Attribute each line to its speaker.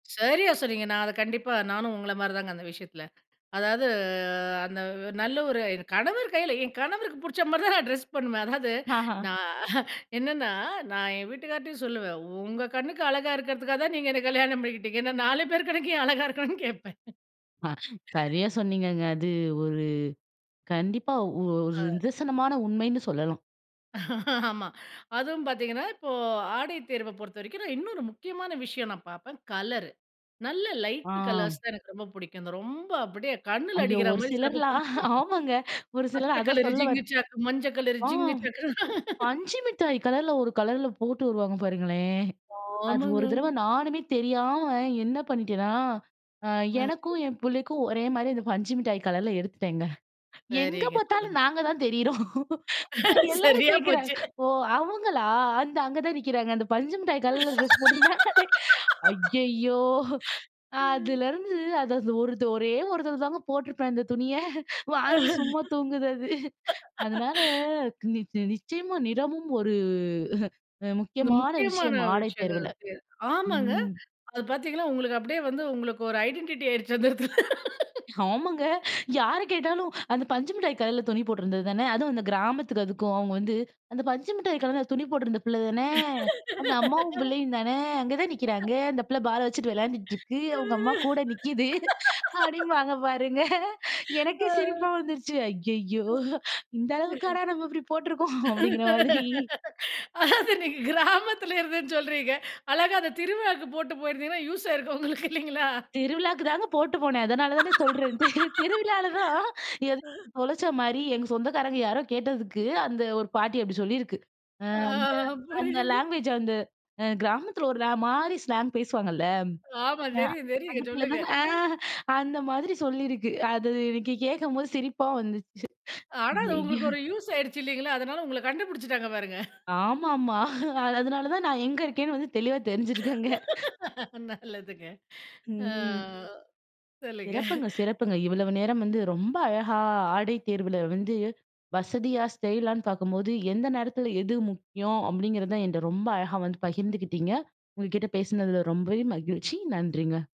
Speaker 1: சரியா சொன்னீங்க! நான் அத கண்டிப்பா நானும் உங்கள மாரிதாங்க அந்த விஷயத்தில. அதாவது, அந்த நல்ல ஒரு கணவர் கையில என் கணவருக்கு பிடிச்ச மாரிதான் நான் ட்ரெஸ் பண்ணுவேன். அதாவது,
Speaker 2: ஆஹ.
Speaker 1: நா என்னென்னா நான் என் வீட்டுக்கார்ட்டயும் சொல்லுவேன், உங்க கண்ணுக்கு அழகா இருக்கிறதுக்காக தான் நீங்க என்னை கல்யாணம் பண்ணிக்கிட்டீங்க. நாலு பேர் கண்ணுக்கு ஏன் அழகா இருக்கணும்னு கேட்பேன்.
Speaker 2: மா. சரியா சொன்னீங்கங்க. அது ஒரு கண்டிப்பா ஒரு
Speaker 1: ஆ.
Speaker 2: நிதர்சனமான உண்மைன்னு சொல்லலாம்.
Speaker 1: ஆமா. அதுவும் பார்த்தீங்கன்னா, இப்போ ஆடை தேர்வ பொறுத்தவரைக்கும் நான் இன்னொரு முக்கியமான விஷயம் நான் பார்ப்பேன், கலரு. நல்ல லைட்டு
Speaker 2: ஆம்.
Speaker 1: கலர்ஸ தான் எனக்கு ரொம்ப பிடிக்கும். இந்த ரொம்ப அப்படியே கண்ணில
Speaker 2: ஐயோ
Speaker 1: அடிக்கிறா
Speaker 2: ஒரு
Speaker 1: மாரி சில பேரு
Speaker 2: சிலர்லாம்!
Speaker 1: போட்டு வர்றது.
Speaker 2: ஆமாங்க, ஒரு சிலர்
Speaker 1: பச்சை
Speaker 2: அதான்
Speaker 1: கலரு
Speaker 2: சொல்ல வந்.
Speaker 1: ஜிங்குச்சான், மஞ்ச கலரு ஜிங்கு
Speaker 2: ஆங்.
Speaker 1: சாக்குனு.
Speaker 2: பஞ்சு மிட்டாய் கலர்ல, ஒரு கலரில போட்டு வருவாங்க பாருங்களேன்! அது
Speaker 1: ஆமாங்க.
Speaker 2: ஒரு தடவ நானுமே தெரியாம என்ன பண்ணிட்டேன்னா, அ
Speaker 1: ஆ,
Speaker 2: எனக்கும்,
Speaker 1: சொல்லுங்க.
Speaker 2: என் புள்ளைக்கும் ஒரே மாதிரி அந்த பஞ்சு மிட்டாய் கலர்ல எடுத்துட்டேங்க. எங்க
Speaker 1: சரிங்க சொல்லுங்க.
Speaker 2: பாத்தாலும் நாங்க தான் தெரியிறோம். எல்லாரும்
Speaker 1: சரியா
Speaker 2: கேட்கிறாங்க,
Speaker 1: போச்சு.
Speaker 2: ஓ அவங்களா! அந்த அங்க தான் நிக்கிறாங்க. அந்த பஞ்சுமிட்டாய் கலருல ட்ரெஸ் போட்டிருந்தாங்களே. ஐயய்யோ!
Speaker 1: ம்.
Speaker 2: அதுலருந்து அது ஒரு ஒரே ஒருதர தாங்க போட்டிருப்பேன் அந்த துணிய. வாங்கி சும்மா தூங்குது அது. அதனால நி நிச்சயமா நிறமும் ஒரு
Speaker 1: இந்த
Speaker 2: முக்கியமான
Speaker 1: முக்கியமான
Speaker 2: விஷயம் ஆடை
Speaker 1: விஷயங்கள்.
Speaker 2: தேர்வில.
Speaker 1: [unintelligible] ஆமாங்க!
Speaker 2: ம்.
Speaker 1: அது பார்த்தீங்கன்னா, உங்களுக்கு அப்படியே வந்து உங்களுக்கு ஒரு ஐடென்டிட்டியா ஆயிடுச்சு அந்த இடத்துல.
Speaker 2: ஆமாங்க! யார கேட்டாலும் அந்த பஞ்சு மிட்டாய் கலர்ல துணி போட்டிருந்தது தானே. அதுவும் அந்த கிராமத்துக்கு அதுக்கும் அவங்க வந்து, "அந்த பஞ்சு மிட்டாய் கலர்ல துணி போட்டிருந்த பிள்ள தானே. அந்த அம்மாவும் பிள்ளையும் தானே. அங்கே தான் நிக்கிறாங்க. அந்த பிள்ள பால வச்சுட்டு விளையாண்டிட்டுருக்கு. அவங்க அம்மா கூட நிக்கிது." அப்படிம்பாங்க பாருங்க. எனக்கே சிரிப்பா
Speaker 1: ஆ.
Speaker 2: வந்துருச்சு. ஐயய்யோ!
Speaker 1: ம்.
Speaker 2: இந்த அளவுக்காடா நம்ம இப்படி போட்ருக்கோம்! அப்படிங்கிற மாதிரி.
Speaker 1: அதாவது நீங்க கிராமத்துல இருந்தேன்னு சொல்றீங்க. அழகா அந்த திருவிழாக்கு போட்டு போயிருந்திங்கனா, யூஸ் ஆயிருக்கும் உங்களுக்கு இல்லைங்களா?
Speaker 2: திருவிழாக்கு தாங்க போட்டு போனேன். அதனால தானே சொல்றேன்ட்டு. திருவிழாவிலதான் எதையோ தொலைச்ச மாரி எங்க சொந்தக்காரங்க யாரோ கேட்டதுக்கு, அந்த ஒரு பாட்டி அப்படி சொல்லியிருக்கு. அ
Speaker 1: ஆ
Speaker 2: அந்த அந்த
Speaker 1: புரியுது.
Speaker 2: லேங்குவேஜ் அந்த கிராமத்தில ஒரு மாரி ஸ்லாங் பேசுவாங்கள்ல.
Speaker 1: ஆமா தெரியும்
Speaker 2: அந்த
Speaker 1: தெரியும்,
Speaker 2: பிள்ளை
Speaker 1: சொல்லுங்க.
Speaker 2: தானே. ஆ அந்த மாரி சொல்லியிருக்கு. அது எனக்கு கேட்கம்போது சிரிப்பா வந்துச்சு.
Speaker 1: ஆனாலும்
Speaker 2: ஐயயோ!
Speaker 1: உங்களுக்கு ஒரு யூஸ் ஆயிடுச்சு இல்லைங்களா? அதனால உங்கள கண்டுபுடிச்சுட்டாங்க பாருங்க.
Speaker 2: ஆமாமா. அதனால தான் நான் எங்க இருக்கேன்னு வந்து தெளிவா தெரிஞ்சு இருக்கு அங்க.
Speaker 1: நல்லதுங்க. அ
Speaker 2: ம்.
Speaker 1: சொல்லுங்க.
Speaker 2: சிறப்புங்க சிறப்புங்க. இவ்வளவு நேரம் வந்து ரொம்ப அழகா ஆடை தேர்வில வந்து, வசதியா ஸ்டைலான்னு பார்க்கும்போது, எந்த நேரத்தில எது முக்கியம் அப்படிங்கிறது தான் என்ட ரொம்ப அழகா வந்து பகிர்ந்துக்கிட்டீங்க, உங்க கிட்ட பேசுனதில ரொம்பவே மகிழ்ச்சி, நன்றிங்க.